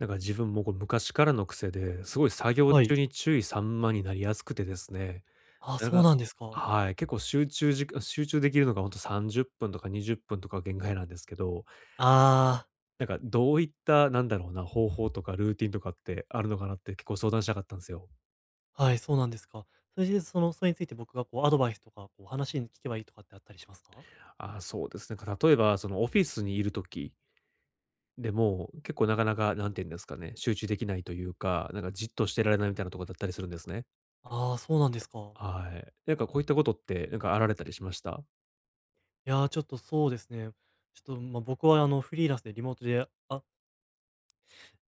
なんか自分もこう、昔からの癖で、すごい作業はい。中に注意散漫になりやすくてですね、あ、なそうがなんですか。はい、結構集中じ集中できるのがほんと30分とか20分とか限界なんですけど、ああ。なんかどういった、なんだろうな、方法とかルーティンとかってあるのかなって、結構相談したかったんですよ。はい、そうなんですか。それで、そのそれについて、僕がこうアドバイスとかこう、話に聞けばいいとかってあったりしますか？ああ、そうですね。例えばそのオフィスにいる時でも、結構なかなか何て言うんですかね、集中できないというか、なんかじっとしてられないみたいなとこだったりするんですね。ああ、そうなんですか。はい。なんかこういったことってなんか、あられたりしました？いや、ちょっとそうですね。ちょっとまあ、僕はあの、フリーランスでリモートで。あ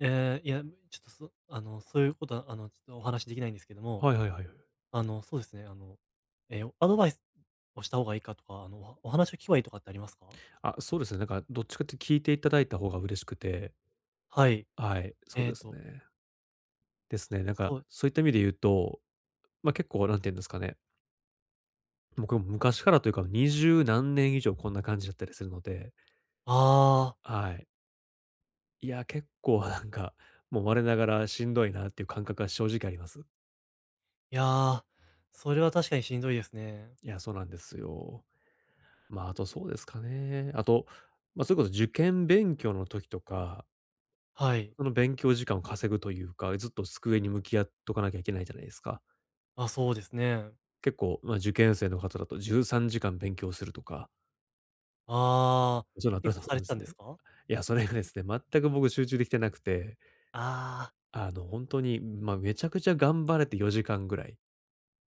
ええ、いや、ちょっとそあの、そういうことは、あの、ちょっとお話しできないんですけども。はいはいはいはい。あの、そうですね。あの、ええ、アドバイスをした方がいいかとか、あの、お話を聞けばいいとかってありますか？あ、そうですね。なんかどっちかって聞いていただいた方が嬉しくて。はい、はい、そうえっですとね。ですね。なんか、そう。そういった意味で言うと、ま、結構なんて言うんですかね、僕も昔からというか20何年以上こんな感じだったりするので。ああ。はい。いや、結構なんか、もう我ながらしんどいなっていう感覚は正直あります。いや、それは確かにしんどいですね。いや、そうなんですよ。ま、あとそうですかねえ。あと、ま、それこそ受験勉強の時とか。はい。その勉強時間を稼ぐというか、ずっと机に向き合っとかなきゃいけないじゃないですか？あ、そうですねえ。結構、ま、受験生の方だと13時間勉強するとか。ああ、そう結構されでてたすんでね。すか？いや、それがですね、全く僕集中できてなくて。ああ。あの、本当に、ま、めちゃくちゃ頑張れて4時間ぐらい。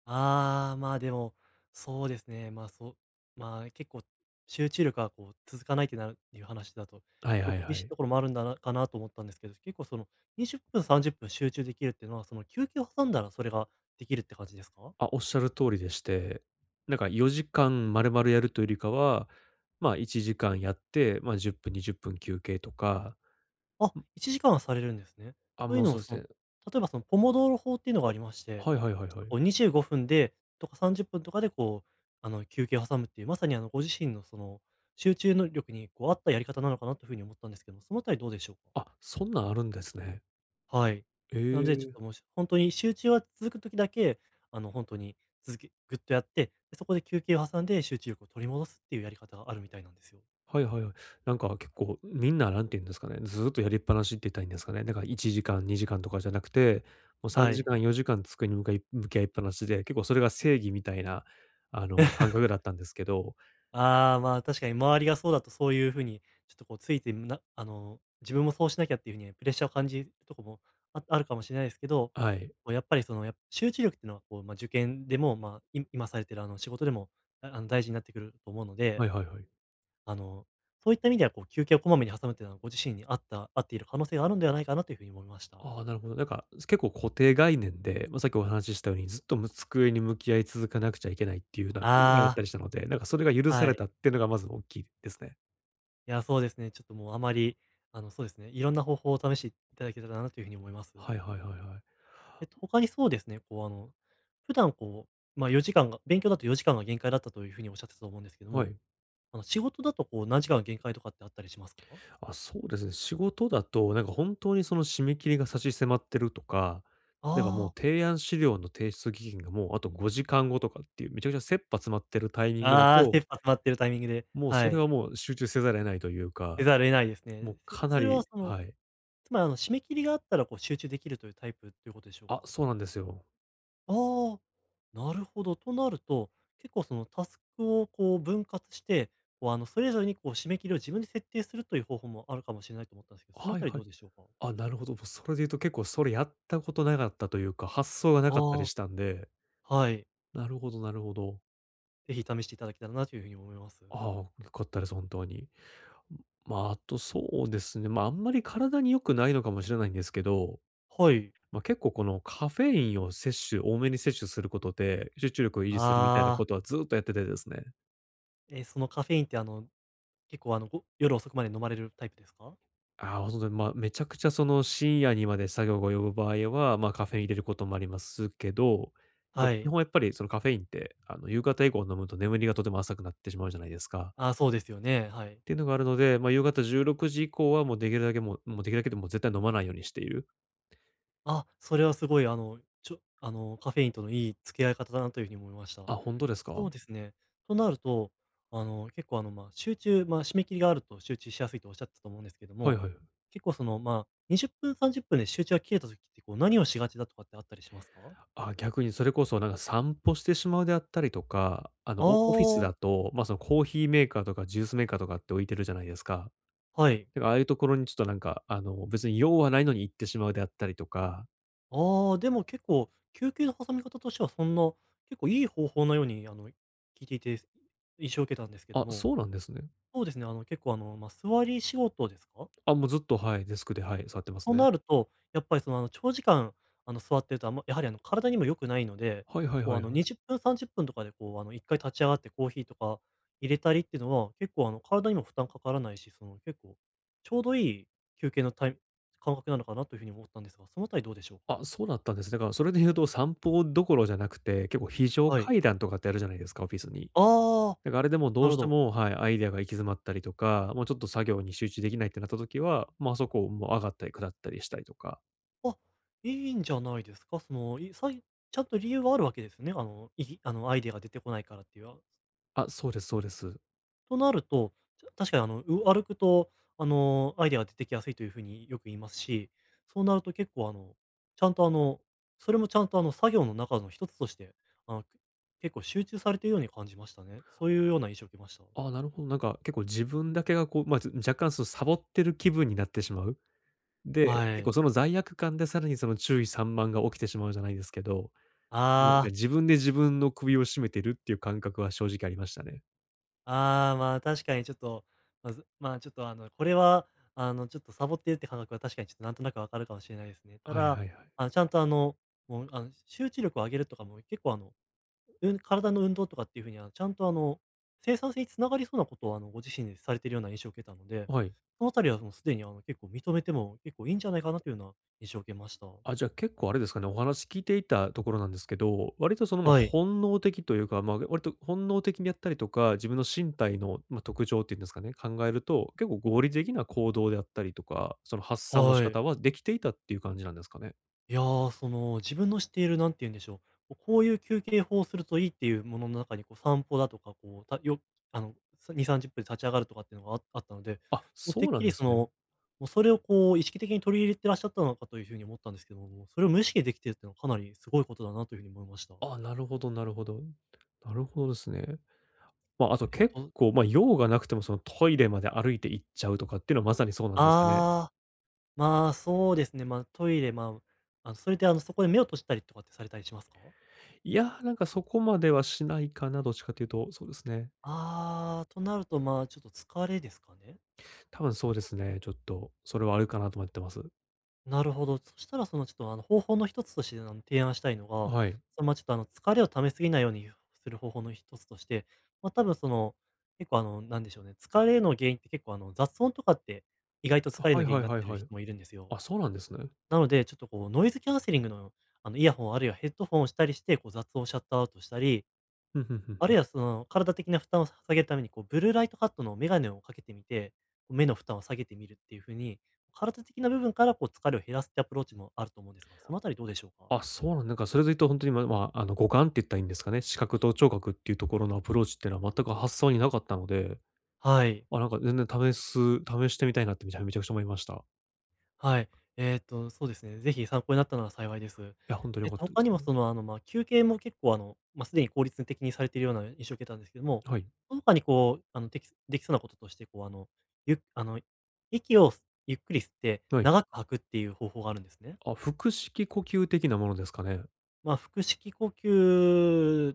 ああ、まあでも、そうですね。まあそう、まあ結構、集中力がこう、続かないってなるっていう話だとはい結構はいは厳しいい。ところもあるんだなかなと思ったんですけど、結構その20分30分集中できるっていうのはその休憩を挟んだらそれができるって感じですか？あ、おっしゃる通りでして、なんか4時間まるまるやるというよりかは、ま、1時間やって、ま、10分、20分休憩とか。あ、う。1時間はされるんですね。あ、といもううのそはうそすの、ね。例えばその、ポモドール法っていうのがありまして、はいはいはいちょっはとこい。う25分で、とか30分とかでこう、あの休憩を挟むっていう、まさにあの、ご自身のその集中能力にこう合ったやり方なのかなというふうに思ったんですけども、そのあたりどうでしょう？あ、そんなんあるんですね。はい。えなのでちょっえ。ともし、ほんとに集中は続く時だけあの、ほんとに続きぐっとやって、そこで休憩を挟んで集中力を取り戻すっていうやり方、あるみたいなんですよ。はいはい。なんか結構みんな何て言うんですかね、ずっとやりっぱなしって言ったらいいんですかね、だから1時間、2時間とかじゃなくて、もうさんはじい。かん、4時間机に向かい向き合いっぱなしで、結構それが正義みたいなあの、感覚 だったんですけどああ、まあ、確かに周りがそうだとそういうふうにちょっとこうついて、なあの、自分もそうしなきゃっていうふうに、プレッシャーを感じるとこも、ああるかもしれないですけど、はい。こうやっぱりその、や集中力っていうのはこう、ま、受験でもまあ、いむ今されてるあの、仕事でもああの大事になってくると思うのではいはいはい。あの、そういった意味ではこう、休憩をこまめに挟むっていうのは、ご自身に合った合っている可能性があるんではないかなというふうに思いました。ああ、なるほど。なんか、そ結構固定概念で、ま、さっきお話ししたようにずっと、む机に向き合い続かなくちゃいけないっていう、なが、やあっあ。たりしたので、なんかそれが許さはれい。たってのがまず大きいですね。いや、そうですね、ちょっともうあまり、あの、そうですね、いろんな方法を試していただけたらなというふうに思います。はいはいはいはい。えっと、ほかにそうですね、こうあの、普段こうまあ、4時間が勉強だと4時間が限界だったというふうにおっしゃってたと思うんですけどはも、い。あの、仕事だとこう、何時間が限界とかってあったりしますか？あ、そうですね。仕事だとなんか、本当にその締め切りが差し迫ってるとか、例えば、もあうあ。提案資料の提出期限が、もうあと5時間後とかっていう、めちゃくちゃ切羽詰まってるタイミングだああ、切と羽詰まってるタイミングで、もうはそれい。はもう、集中せざるを得ないというせか、ざる得ないですね。もうせかなそれはりその、はい。つまりあの、締め切りがあったらこう集中できるというタイプっていうことでしょうか？あ、そうなんですよ。あ、なるほど。となると、結構そのタスクをこう分割して、こうあのそれぞれにこう締め切りを自分で設定するという方法もあるかもしれないと思ったんですけど、そのあはいたりはどい。うでしょうか。あ、なるほど、もう、それで言うと結構それやったことなかったというか、発想がなかったりああ。したんで。はい。なるほどなるほど。ぜひ試していただけたらなというふうに思います。あ、よかったです、本当に。ん、ま、あとそうですね、ま、あんまり体に良くないのかもしれないんですけど、はい。ま、結構このカフェインを摂取、多めに摂取することで、集中力を維持するみたいなああ。ことはずっとやっててですね。え、そのカフェインって、あの結構あの、お夜遅くまで飲まれるタイプですか？あ、本当で、ま、めちゃくちゃその深夜にまで作業が及ぶ場合は、ま、カフェイン入れることもありますけど、やっぱは基い。本やっぱりそのカフェインって、あの、夕方以降に飲むと眠りがとても浅くなってしまうじゃないですか。ああ、そうですよね、はい。ていうのがあるので、ま、夕方16:00以降はもうできるだけもうもうできるだけって、もう、絶対飲まないようにしている。あ、それはすごい。あの、ちょあのカフェインとのいい付き合い方だなというふうに思いました。あ、ほんとですそか？うですね。となると、あの、結構あの、ま、集中、ま、締め切りがあると集中しやすいとおっしゃってたと思うんですけどはいも、はい。結構その、ま、20分30分で集中が切れた時ってこう何をしがちだとかってあったりしますか？あ、逆にそれこそなんか散歩してしまうであったりとか、あの、あオオフィスあ。だと、ま、そのコーヒーメーカーとかジュースメーカーとかって置いてるじゃないですか。はい。なんかああいうところにちょっとなんか、あの、別に用はないのに行ってしまうであったりとか。ああ、でも結構、休憩の挟み方としてはそんな、結構いい方法のようにあの、聞いていて印象を受けたんですけどあ、も、そうなんですね。そうですね、あの、結構あの、ま、座り仕事ですか？あ、もうずっと、はい、デスクで、はい、座ってますとね。なると、やっぱりその、あの、長時間あの、座ってると、あんまやはりあの、体にも良くないので、はいはいこうはあいの、はい。20分、30分とかでこう、あの、1回立ち上がってコーヒーとか入れたりっていうのは結構、あの、体にも負担かからないし、その結構ちょうどいい休憩のタイム感覚なのかなというふうに思ったんですが、そのあたりどうでしょうか？あ、そうだったんです。だからそれで言うと散歩どころじゃなくて、結構、非常はい。階段とかってあるじゃないですか、オフィスに。ああ、だからあれで、もうどなうるしほてど。もはい、アイディアが行き詰まったりとか、もうちょっと作業に集中できないってなった時は、ま、あそこもう上がったり下ったりしたりとかあ、いいんじゃないですか？その、いさいちゃんと理由があるわけですね、あの、いいあの、アイディアが出てこないからっていう、ああ、そうですそうです。となると、確かにあの、う歩くと、あの、アイディアが出てきやすいというふうによく言いますし、そうなると結構、あの、ちゃんと、あの、それもちゃんと、あの、作業の中のひとつとして、あの、結構集中されてるように感じましたね。そういうような印象を受けました。ああ、なるほど。なんか結構自分だけがこう、まあ、ちょ若干そのサボってる気分になってしまう。で、は結い。構その罪悪感でさらにその注意散漫が起きてしまうじゃないですけど、自分あであ。自分で自分の首を絞めてるっていう感覚は正直ありましたね。ああ、ま、確かにちょっと、まず、ま、ちょっとあの、これはあの、ちょっとサボってるって感覚は確かにちょっとなんとなくわかるかもしれないですね。たはいだ、はいはい。あの、ちゃんとあの、もうあの、集中力を上げるとかも結構あの、うん体の運動とかっていうふうにはちゃんとあの、生産性につながりそうなことをあの、ご自身でされてるような印象を受けたので、はい。その辺りはもうすでにあの、結構認めても結構いいんじゃないかなというような印象を受けました。あ、じゃ、結構あれですかね、お話聞いていたところなんですけど。割とその、ま、はい。本能的というか、ま、割と本能的にやったりとか、自分の身体の、ま、特徴っていうんですかね、考えると、結構合理的な行動であったりとか、その発散の仕はい。方はできていたっていう感じなんですかね？いや、その、自分の知っている何て言うんでしょう、ここういう休憩法をするといいっていうものの中にこう散歩だとか、こう、たよあの2、30分で立ち上がるとかっていうのがああったので、あ、もうてそっうなんきりでそすの、ね。もうそれをこう意識的に取り入れてらっしゃったのかという風に思ったんですけども、それを無意識できているっていうのはかなりすごいことだなというふうに思いました。あ、なるほどなるほど。なるほどですね。ま、あとえっ結と構、ま、用がなくてもそのトイレまで歩いて行っちゃうとかっていうのはまさにそうなんですかね。ああ、ま、そうですね。ま、トイレ、ま、あの、それであの、そこで目を閉じたりとかってされたりしますか？いや、なんかそこまではしないかな、どっちかっていうと、そうですね。ああ、となると、ま、ちょっと疲れですかね。多分そうですね。ちょっとそれはあるかなと思ってます。なるほど。そしたらそのちょっとあの方法の一つとしてあの提案したいのあ、が、はい。その、ま、ちょっとあの疲れを溜めすぎないようにゆうする方法の一つとしてま、多分その結構あのなんでしょうね、疲れの原因って結構あの雑音とかって、意外とあ、疲れのはい原因はにいなっはいてるはい。人もいるんですよ。あ、そうなんですね。なので、ちょっとこうノイズキャンセリングの、あのイヤホンあるいはヘッドフォンをしたりして、こう雑音をシャットアウトしたり、ふんふんふんあふるん。いはその体的な負担をさ下げるためにこうブルーライトカットの眼鏡をかけてみて、目の負担を下げてみるっていう風に、体的な部分からこう疲れを減らすってアプローチもあると思うんですが、そのあたりどうでし ょうか？あ、そうなんなんか、それで言うとほんとにまだまあ、あの、五感って言ったらいいんですかね、視覚と聴覚っていうところのアプローチってのは全く発想になかったので、はい。あ、なんか全然試す試してみたいなってめちゃめちゃくちゃ思いました。はい、えっと、そうですね。ぜひ参考になったなら幸いです。いや、ほんとに良えっかっとたんで他すにけもど...その、あの、まあ休憩も結構あの、ま、すでに効率的にされているような印象を受けたんですけども、はい。その他にこう、あの、できできそうなこととしてこうあの、ゆあの、息をすゆっくり吸ってはい。長く吐くっていう方法があるんですね。あ、腹式呼吸的なものですかね。まあ、腹式呼吸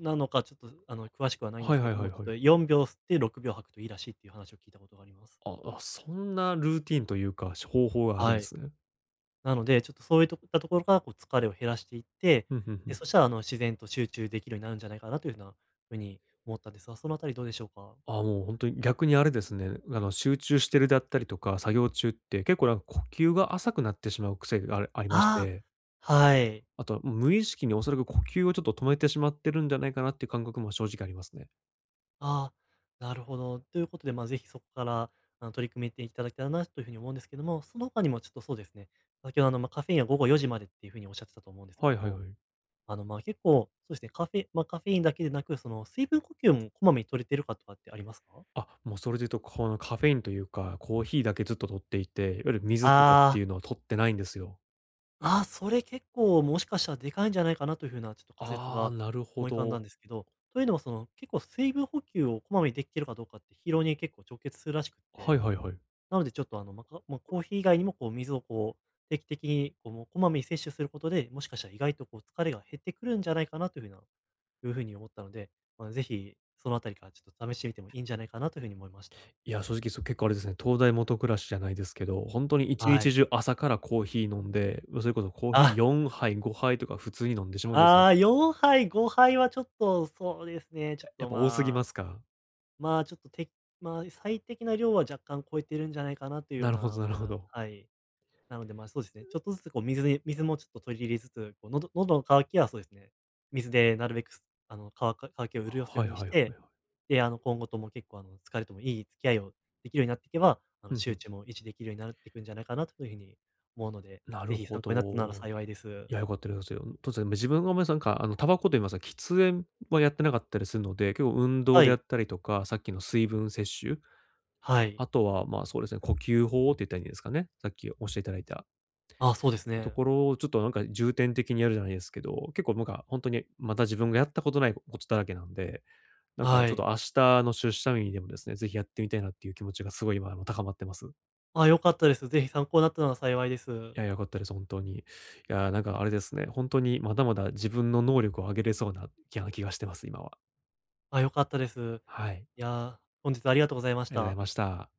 なのかちょっとあの詳しくはないんではいすけはいどはいも、ちょっはい。と4秒吸って6秒吐くといいらしいっていう話を聞いたことがあります。ああ、そんなルーティンというか、し方法があるんはでい。すね。なので、ちょっとそういっとくったところからこう疲れを減らしていって、ふんふんふで、ん。そしたらあの自然と集中できるようになるんじゃないかなという風な風に思ったんですが、そのあたりどうでしょうか？あ、もう本当に逆にあれですね、あの集中してるだったりとか、作業中って結構なんか呼吸が浅くなってしまう癖がありありましあて。あ、はい。あとはむ無意識におそらく呼吸をちょっと止めてしまってるんじゃないかなっていう感覚も正直ありますね。ああ、なるほど。ということでまぜひそこからあの取り組めていただけたらなという風に思うんですけども、その他にもちょっとそうですね。先ほどの、ま、カフェインは午後4:00までっていう風におっしゃってたと思うんですけはいどはいも、はい。あのまあ結構、そうですね、カフェま、カフェインだけでなく、その水分補給もこまめに取れてるかとかってありますか？あ、もうそれで言うとこのカフェインというか、コーヒーだけずっと取っていて、いわゆる水とかっあてあ。いうのを取ってないんですよ。あ、それ結構もしかしたらデカいんじゃないかなという風なちょっと仮説ああ、がなるほ思い浮かんだんど。ですけど、というのはその結構水分補給をこまめにできてるかどうかって疲労に結構直結するらしくっはいてはいはい。なのでちょっとあの、ま、かま、コーヒー以外にもこう水をこう定期的にこう、もう、こまめに摂取することで、もしかしたら意外とこう疲れが減ってくるんじゃないかなという風ないう風に思ったので、まあ是非その辺りからちょっと試してみてもいいんじゃないかなという風に思いました。いや、正直それ結構あれですね。燈台下暗しじゃないですけど、ほんとに一は日い。中朝からコーヒー飲んで、ま、それこそコーヒーあ。4杯、5杯とか普通に飲んでしまうんですよ。ああ、4杯、5杯はちょっと、そうですあ、ね、ちょやっやっとぱ多すぎままあすか？まあ、ちょっとてまあ最適な量は若干超えてるんじゃないかなというようなるほな、どなるほまど。あはい。なのでまあそうですね。ちう。ょっとずつこう水に水もちょっと取り入れつつ、こう喉喉の渇きは、そうですね、水でなるべくすあの、乾か乾きをあ、潤すようはいにはしいはいて、はい。で、あの今後とも結構あの疲れともいい付き合いをできるようになっていけば、あふの、んふ集ん。中も維持できるようになるっていくんじゃないかなというふうに思うので、な是る非ほ参考になったならど。幸いでいす。や、よかったとんですよ。うん、とですね、自分が思いすあんか、あの、タバコと言いますか、喫煙はやってなかったりするので、結構運動はでやい。ったりとか、さっきの水分摂取？はい。あとは、ま、そうですね、呼吸法って言ったらいいんですかね、さっきお教えていただいたあ、そうですとね。ころをちょっとなんか重点的にやるじゃないですけど、結構なんか本当にまだ自分がやったことないこことだらけなんで、なんかはちょっい。と明日の出社日にでもですね、ぜひやってみたいなっていう気持ちがすごい今も高まってます。あ、良かったです。ぜひ参考なったのは幸いです。いや、良かったです、本当に。いや、なんかあれですね、ほんとにまだまだ自分の能力を上げれそうな、いや、気がしてます、今は。あ、良かったです。はい。いや、本日ありがとうございましありがとうございた。ました。